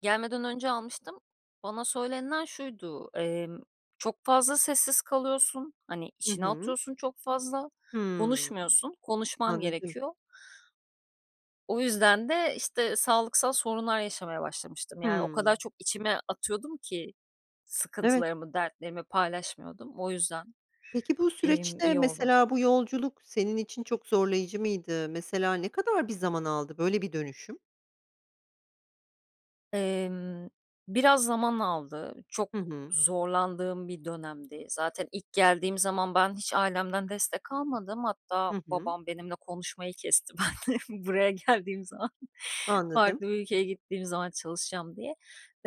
Gelmeden önce almıştım. Bana söylenilen şuydu, emm, çok fazla sessiz kalıyorsun, hani, Hı içine hı. atıyorsun çok fazla, Hımm. konuşmuyorsun, konuşman Anladım. gerekiyor. O yüzden de, işte, sağlıksal sorunlar yaşamaya başlamıştım. Yani o Hımm. kadar çok içime atıyordum ki Evet. sıkıntılarımı, dertlerimi paylaşmıyordum, o yüzden. Peki bu Emm, süreçte, iyi oldu. mesela bu yolculuk senin için çok zorlayıcı mıydı? Mesela ne kadar bir zaman aldı böyle bir dönüşüm? Emm, biraz zaman aldı, çok Hı hı. zorlandığım bir dönemdi. Zaten ilk geldiğim zaman ben hiç ailemden destek almadım. Hatta Hı hı. babam benimle konuşmayı kesti benle buraya geldiğim zaman, Anladım. farklı bir ülkeye gittiğim zaman çalışacağım diye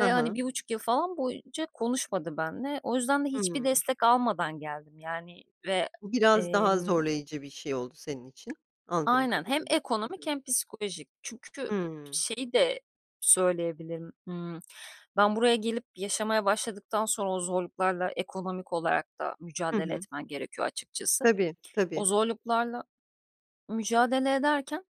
Hı hani, hı. 1,5 yıl falan boyunca konuşmadı benimle. O yüzden de hiçbir Hımm. destek almadan geldim, yani, ve, Bu biraz daha emm zorlayıcı bir şey oldu senin için, anladığım Aynen, hem kadarıyla. Hı hı. ekonomik hem psikolojik. Çünkü Hımm. şeyi de söyleyebilirim, ımm, ben buraya gelip yaşamaya başladıktan sonra o zorluklarla ekonomik olarak da Hı mücadele hı. etmen gerekiyor açıkçası. Tabii, O tabii. zorluklarla mücadele ederken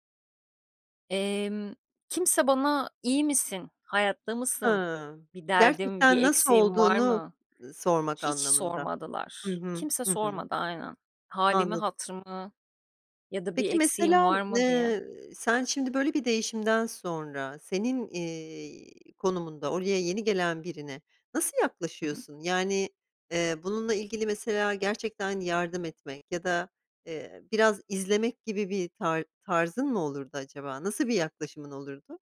emm, kimse bana, "İyi misin, hayatta mısın, Hıı, bir derdin, bir gerçekten nasıl eksiğin var olduğunu, mı?" ııı, sormak hiç anlamında. Hı sormadılar. hı, Kimse hı hı. sormadı, aynen, hâlimi Anladım. hatırımı ya da bir Peki eksiğim mesela, var mı diye. ııı, sen şimdi böyle bir değişimden sonra senin, eee, konumunda oraya yeni gelen birine nasıl Hı hı. yaklaşıyorsun? Yani, eee, bununla ilgili mesela gerçekten yardım etmek ya da, eee, biraz izlemek gibi bir tar tarzın mı olurdu acaba? Nasıl bir yaklaşımın olurdu?